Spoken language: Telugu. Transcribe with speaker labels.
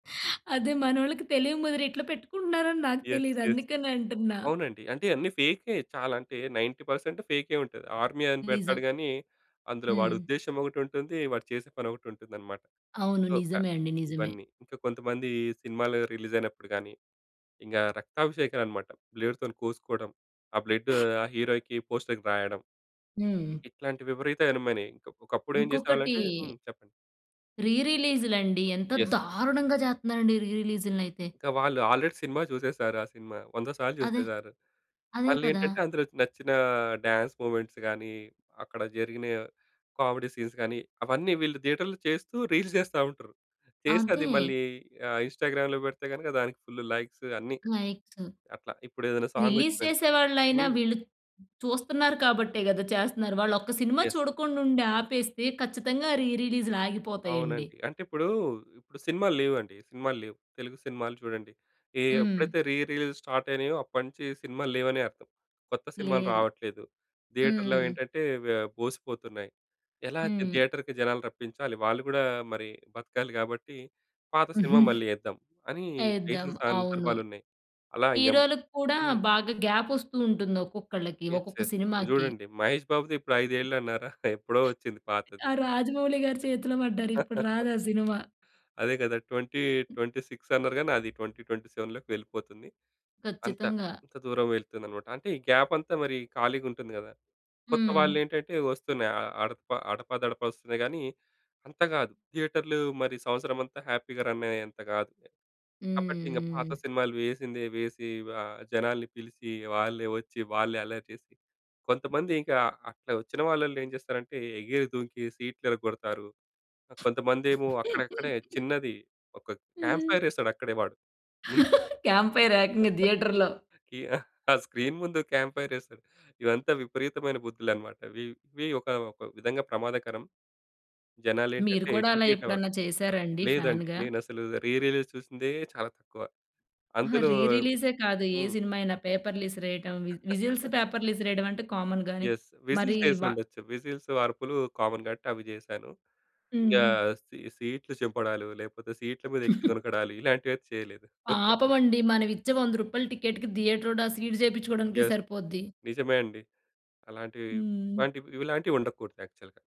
Speaker 1: అదే మనోళ్ళకి తెలియముదిరి ఇట్లా పెట్టుకుంటున్నారని నాకు
Speaker 2: యెస్.
Speaker 1: తెలియదు
Speaker 2: యెస్.
Speaker 1: అందుకనంటున్నా.
Speaker 2: అవునండి. అంటే అన్నీ ఫేకే చాలా అంటే 90% ఫేకే ఉంటది. ఆర్మీ అని పెడతాడు
Speaker 1: నిజం.
Speaker 2: గాని అందులో వాడి
Speaker 1: హ్మ్.
Speaker 2: ఉద్దేశ్యం ఒకటి ఉంటుంది, వాడు చేసే పని ఒకటి ఉంటుందన్నమాట.
Speaker 1: అవును.
Speaker 2: సో, క
Speaker 1: నిజమే అండి. నిజమే.
Speaker 2: ఇవన్నీ. ఇంకా కొంతమంది సినిమాలు రిలీజ్ అయినప్పుడు గాని, ఇంకా రక్తాభిషేకలనమాట. బ్లేడ్‌తొని కోసుకోవటం ఆ బ్లడు ఆ హీరోకి పోస్టర్‌కి రాయడం.
Speaker 1: హ్మ్.
Speaker 2: ఇట్లాంటి విపరీతమైనమనీ. ఇంకా ఒకప్పుడు ఏం
Speaker 1: ఇంకొకటి
Speaker 2: చేసేవాళ్ళంటే హ్మ్. చెప్పండి.
Speaker 1: రి రిలీజ్‌లండి. ఎంత
Speaker 2: యెస్.
Speaker 1: దారుణంగా చేత్తన్నారండి రి రిలీజ్‌నైతే.
Speaker 2: ఇంకా వాళ్ళు ఆల్రెడీ సినిమా చూసేసారు. ఆ సినిమా వంద సార్లు
Speaker 1: అదే,
Speaker 2: చూసేసారు.
Speaker 1: అదే
Speaker 2: మళ్ళీ
Speaker 1: కదా!
Speaker 2: ఏంటంటే అందులోది నచ్చిన డాన్స్ మొమెంట్స్‌ గాని, అక్కడ జరిగిన కామెడీ సీన్స్‌ గాని అవన్నీ వీళ్ళు థియేటర్‌లో చేస్తూ రీల్స్ చేస్తా ఉంటారు. చేసి అది
Speaker 1: అంతే.
Speaker 2: మళ్ళీ ఆహ్, ఇంస్టా‌గ్రామ్‌లో పెడితే గనుక దానికి ఫుళ్ళు లైక్సు అన్నీ.
Speaker 1: లైక్సు.
Speaker 2: అట్లా ఇప్పుడు ఏదైనా సాంగ్
Speaker 1: రిలీజ్ చేసే
Speaker 2: ఓచ్చిందనుకోండి
Speaker 1: వాల్లయిన
Speaker 2: హ్మ్.
Speaker 1: వీళ్ళు చూస్తున్నారు కాబట్టే కదా! చేస్తున్నారు. వాళ్ళు ఒక సినిమా
Speaker 2: యెస్.
Speaker 1: చూడకుండా ఉండి ఆపేస్తే ఖచ్చితంగా రి రిలీజ్‌లు ఆగిపోతాయండి.
Speaker 2: అవునండి. అంటే ఇప్పుడు ఇప్పుడు సినిమాలు లేవండి, సినిమాలు లేవు. తెలుగు సినిమాలు చూడండి ఏ
Speaker 1: హ్మ్.
Speaker 2: ఎప్పుడైతే రి రిలీజ్ స్టార్ట్ అయినాయో అప్పటినుంచి సినిమాలు లేవనే అర్థం. కొత్త సినిమాలు
Speaker 1: లేదు.
Speaker 2: రావట్లేదు, థియేటర్‌లో
Speaker 1: హ్మ్.
Speaker 2: ఏంటంటే వే బోసిపోతున్నాయి. ఎలా థి
Speaker 1: హ్మ్.
Speaker 2: థియేటర్‌కి జనాలు రప్పించాలి వాళ్ళు కూడా మరి బతకాలి కాబట్టి పాత సినిమా మళ్ళీ ఎద్దాం అని
Speaker 1: ఎద్దాం
Speaker 2: ఎసిన
Speaker 1: అవును.
Speaker 2: సందర్భాలున్నాయి. అలా ఇంగా
Speaker 1: హీరో‌లకి కూడా
Speaker 2: హ్మ్.
Speaker 1: బాగా గ్యాప్ ఓస్తూ ఉంటుంది, ఒక్కొక్కళ్ళకి
Speaker 2: యెస్.
Speaker 1: ఒక్కొక్క
Speaker 2: యెస్. ఇప్పుడు
Speaker 1: సినిమాకి.
Speaker 2: చూడండి 'మహేష్ బాబుది' ఇప్పుడు 5 ఏళ్లు అన్నారా ఎప్పుడో వచ్చింది పాతది.
Speaker 1: ఆ 'రాజమౌళి' గారి చేతిలో బడ్డారు. ఇప్పుడు రాదు ఆ సినిమా.
Speaker 2: అదే కదా! 2026 అన్నారు గాని అది 2027లోకి వెళ్ళిపోతుంది. అంత
Speaker 1: ఖచ్చితంగా.
Speaker 2: అంత దూరం వెళ్తుందన్నమాట అంటే ఈ గ్యాప్ అంతా మరి ఖాళీగా ఉంటుంది కదా! కొత్త
Speaker 1: హ్మ్.
Speaker 2: వాలేంటంటే వస్తున్నాయి అ అ అడప అడపాదడపా వస్తున్నాయి, కానీ, అంత గాదు. థియేటర్‌లు మరి సంవత్సరమంతా హ్యాపీ‌గా రన్ అయ్యేంత కాదులే. కాబట్టి ఇంగా పాత
Speaker 1: హ్మ్. హ్మ్.
Speaker 2: సినిమాలు వేసిందే వేసి ఆహ్, జనాల‌ని పిలిచి వాళ్ళే వచ్చి, వాళ్ళే అల్లరి చేసి, కొంతమంది ఇంకా అక్కడ వచ్చిన వాళ్ళల్లో ఏం చేస్తారంటే ఎగిరి ధూంకి సీట్లు ఇరగొడతారు, కొంతమందేమో అక్కడక్కడే చిన్నది ఒక
Speaker 1: హ్మ్.
Speaker 2: క్యాంప్‌ఫైర్ ఎస్తాడు అక్కడే వాడు, ముందు.
Speaker 1: క్యాం‌ప్‌‌ఫైర్ ఏకంగా థియేటర్‌లో.
Speaker 2: కి ఆహ్, ఆ స్క్రీన్ ముందు క్యాంప్‌ఫైర్ ఎస్తాడు. ఇవంతా విపరీతమైన బుద్దులన్నమాట వి ఇవి ఒక ఒక విధంగా ప్రమాదకరం. జనాలు
Speaker 1: మీరు
Speaker 2: ఏంటంటే
Speaker 1: కూడా అలా
Speaker 2: ఎడ్యుకేట్ అవ
Speaker 1: ఎప్పుడన్నా చేసారా అండి
Speaker 2: లేదండి.
Speaker 1: ఫాన్‌గా?
Speaker 2: నేను అసలు రి రిలీజ్ చూసిందే చాలా తక్కువ.
Speaker 1: అహా!
Speaker 2: అందులో
Speaker 1: రి రిలీజే కాదు, ఏ
Speaker 2: హ్మ్.
Speaker 1: సినిమా అయినా పేపర్‌లు ఇసిరేయటం, విజ్ విజిల్స్, పేపర్‌లు ఇసిరేయడం అంటే కామన్‌ గాని.
Speaker 2: యెస్.
Speaker 1: మరి
Speaker 2: విస్టల్స్ ఎసి
Speaker 1: వ
Speaker 2: ఉండొచ్చు. విజిల్స్, అర్పులు కామన్‌ కాబట్టి అవి చేశాను. ఇంగా
Speaker 1: హ్మ్.
Speaker 2: సీ సీట్‌లు చింపడాలు లేకపోతే సీట్‌ల మీద ఎక్కిదునకడాలు ఇలాంటివైతే చేయలేదు.
Speaker 1: పాపమండి మనం ఇచ్చే 100 రూపాయల టికెట్‌కి థియేటరోడా ఆ సీట్ చేపించుకోవడానికే
Speaker 2: యెస్.
Speaker 1: సరిపోద్ది.
Speaker 2: నిజమే అండి. అలాంటివి
Speaker 1: హ్మ్.
Speaker 2: ఇలాంటివి ఇవి ఇలాంటివి ఉండకూడదు యాక్చువల్‌గా.